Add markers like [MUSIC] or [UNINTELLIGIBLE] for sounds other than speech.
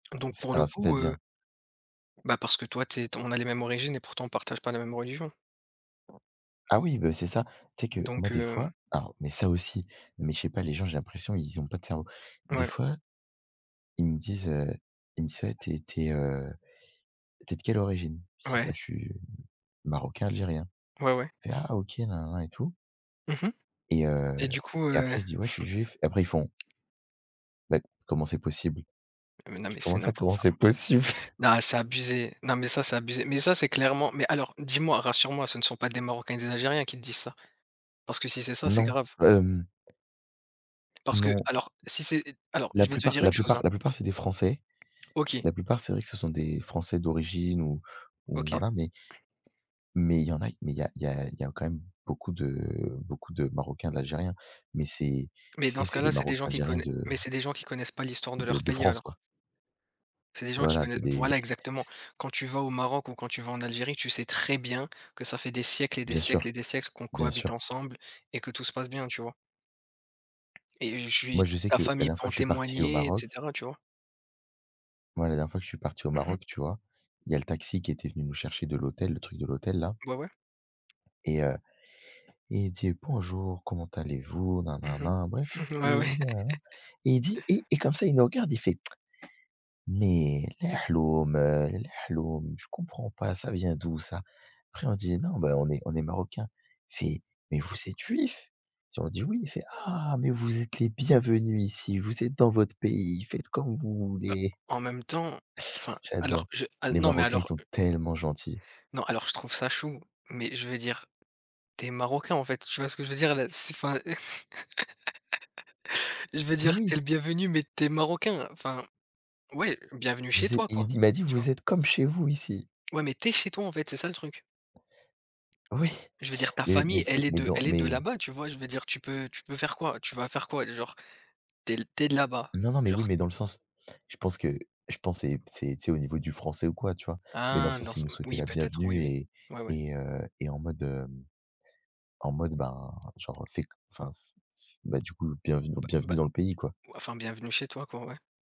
Donc, C'est pour le un coup, heu c'est-à-dire? Bah, parce que toi tu es, t on a les mêmes origines et pourtant, on partage pas la même religion Ah oui, ben, c'est ça. Tu sais que moi, donc des heu fois, alors, mais ça aussi, mais je sais pas, les gens, j'ai l'impression, ils ont pas de cerveau. Des Ouais. fois, ils me disent heu, ils me disent: «Ouais, tu es tu es, heu, tu es de quelle origine»? Je dis: Ouais. «Bah, je suis marocain, algérien», Ouais, ouais. «Hé, Ah OK, et et tout» Mmh mh et heu et du coup, et heu. après je dis: «Ouais, je suis juif» et après ils font «bah comment s'est possible»? Ah mais non, Je dis: mais c'est «Comment ça, n'importe comment s'est enfin. possible»? Non, c'est abusé! Non, mais ça, [CHUCKLES] c'est abusé! Mais ça, c'est clairement mais alors, dis-moi, rassure moi, ce ne sont pas des Marocains et des Algériens qui te disent ça? Parce que si c'est ça, c'est Non, grave. hem Parce Non. qu'alors si c'est alors La je vais te plupart dire la une chose, plupart hein. la plupart, c'est des Français. OK. La plupart, c'est vrai que ce sont des Français d'origine ou ou OK. voilà, mais mais il y en a mais il y a il y a il y a quand même beaucoup de beaucoup de Marocains, d'Algériens mais c'est, Mais tu sais, dans ce c'est des cas-là, c'est des gens Marocains, qui Algériens connai de mais c'est des gens qui connaissent pas l'histoire de de leur de pays, France, alors. quoi. C'est des gens qui Voilà, c'est connaissent voilà, des exactement. Quand tu vas au Maroc ou quand tu vas en Algérie, tu sais très bien que ça fait des siècles et des Bien siècles et sûr, des siècles qu'on bien cohabite sûr. ensemble et que tout se passe bien, tu vois? et je Moi, suis je sais ta que la famille dernière peut fois en que je suis parti au témoigner, et Maroc cetera, tu vois? moi, la dernière fois que je suis parti au Mmh mh. Maroc, tu vois, il y a le taxi qui était venu nous chercher de l'hôtel, le truc de l'hôtel, là Beh ouais. et heu et il dit: «Bonjour, comment allez-vous,», bref, Mmh en fait mh. Ah ouais. [UNINTELLIGIBLE] et il dit [LAUGHS] et et comme ça, il nous regarde, il fait: [TSK] «Mais [UNINTELLIGIBLE] je comprends pas, ça vient d'où, ça?». Après, on dit: «Non, bah, on est on est Marocains». Il fait: «Mais vous êtes juifs?» et on dit: «Oui». Il fait: «Ah! Mais vous êtes les bienvenus ici! Vous êtes dans votre pays, faites comme vous Bah, voulez!». en même temps, enfin alors J'adore. je, heu, Les non mais Marocains, ils alors, sont heu tellement gentils. non, alors, je trouve ça chou. Mais je veux dire, tu es marocain, en fait, tu vois ce que je veux dire, là, c'est, enfin [LAUGHS] je veux Oui, dire, tu es oui. le bienvenu mais tu es Marocain, enfin. Ouais, bienvenue chez Vous êtes toi, et il me quoi, dit m'a dit: tu vois? «Vous êtes comme chez vous ici». Ouais, mais tu es chez toi, en fait, c'est ça le truc. Oui. Je veux dire, ta Mais mais famille, c'est elle est mais de non, elle est de mais là-bas, tu vois, je veux dire, tu peux tu peux faire quoi tu vas faire quoi? Genre, tu es l tu es de là-bas, non, non, mais oui, genre mais dans le sens je pense que, je pense c'est c'est, tu sais, au niveau du français ou quoi, tu vois? Mais dans le Ah! sens Dans il son nous souhaitait oui, la peut-être, oui bienvenue oui. et Ouais, ouais. et heu et en mode, hem, en mode, ben, genre, heu, fais co enfin, f f bah, du coup, bienvenue Bah bienvenue bah. dans le pays, quoi. Oua enfin, bienvenue chez toi, quoi, ouais.